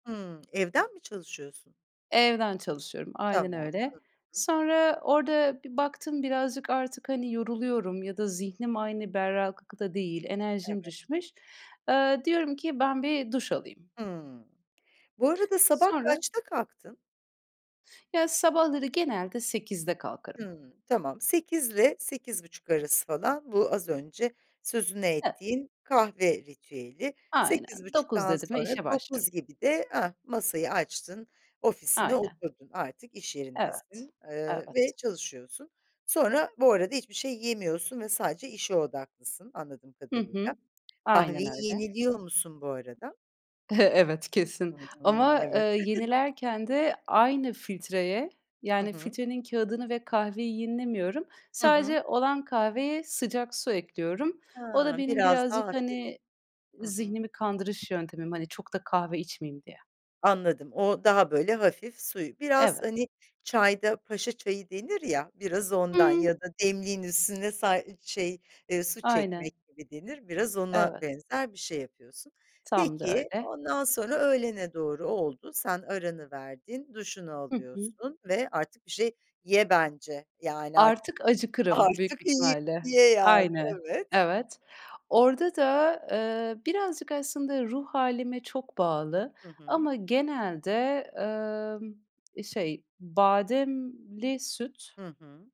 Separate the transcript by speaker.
Speaker 1: Hımm, evden mi çalışıyorsun?
Speaker 2: Evden çalışıyorum, aynen
Speaker 1: Tamam, hı
Speaker 2: öyle.
Speaker 1: hı.
Speaker 2: Sonra orada bir baktım birazcık artık, hani, yoruluyorum ya da zihnim aynı berraklıkta değil, enerjim
Speaker 1: Evet.
Speaker 2: düşmüş. Eee, diyorum ki, "Ben bir duş alayım."
Speaker 1: Hımm. Bu arada sabah
Speaker 2: Sonra
Speaker 1: kaçta kalktın?
Speaker 2: Ya, sabahları genelde 08.00'de kalkarım.
Speaker 1: Hımm. Tamam, 08.00 ile 08.30 arası falan bu az önce sözünü
Speaker 2: Evet.
Speaker 1: ettiğin kahve ritüeli.
Speaker 2: Aynen,
Speaker 1: sekiz
Speaker 2: 09.00
Speaker 1: buçuktan
Speaker 2: dedi mi
Speaker 1: sonra
Speaker 2: işe başlarım.
Speaker 1: 09.00 gibi de, ah, masayı açtın, ofisine
Speaker 2: Aynen.
Speaker 1: oturdun, artık iş
Speaker 2: Evet.
Speaker 1: yerindesin, eee,
Speaker 2: Evet.
Speaker 1: ve çalışıyorsun. Sonra bu arada hiçbir şey yemiyorsun ve sadece işe odaklısın anladığım
Speaker 2: Hı hı,
Speaker 1: kadarıyla.
Speaker 2: aynen
Speaker 1: Kahveyi
Speaker 2: öyle.
Speaker 1: yeniliyor musun bu arada?
Speaker 2: Evet, kesin.
Speaker 1: Hımm,
Speaker 2: Ama, eee,
Speaker 1: evet.
Speaker 2: yenilerken de aynı filtreye
Speaker 1: Hı
Speaker 2: yani
Speaker 1: hı.
Speaker 2: filtrenin kağıdını ve kahveyi yenilemiyorum.
Speaker 1: Hı hı.
Speaker 2: Sadece olan kahveye sıcak su ekliyorum. O da
Speaker 1: Ha!
Speaker 2: benim
Speaker 1: Biraz
Speaker 2: birazcık,
Speaker 1: daha hafif.
Speaker 2: hani,
Speaker 1: Hı hı.
Speaker 2: zihnimi kandırış yöntemim, hani çok da kahve içmeyeyim diye.
Speaker 1: Anladım, o daha böyle hafif suyu Biraz
Speaker 2: Evet.
Speaker 1: hani çayda paşa çayı denir ya, biraz
Speaker 2: Hı
Speaker 1: ondan
Speaker 2: hı.
Speaker 1: ya da demliğin üstüne sa şey, eee, su
Speaker 2: Aynen.
Speaker 1: çekmek gibi denir, biraz ona
Speaker 2: Evet.
Speaker 1: benzer bir şey yapıyorsun.
Speaker 2: Tam da
Speaker 1: Peki,
Speaker 2: öyle.
Speaker 1: ondan sonra öğlene doğru oldu, sen aranı verdin, duşunu
Speaker 2: Hı hı.
Speaker 1: alıyorsun ve artık bir şey ye bence. Yani ar
Speaker 2: Artık acıkırım büyük bir
Speaker 1: artık yi
Speaker 2: ihtimalle.
Speaker 1: ye yani,
Speaker 2: Aynen.
Speaker 1: evet.
Speaker 2: Evet. Orada da, eee, birazcık aslında ruh hâlime çok bağlı
Speaker 1: Hı hı.
Speaker 2: ama genelde, ımm, eee, şey, bademli süt
Speaker 1: Hı hı.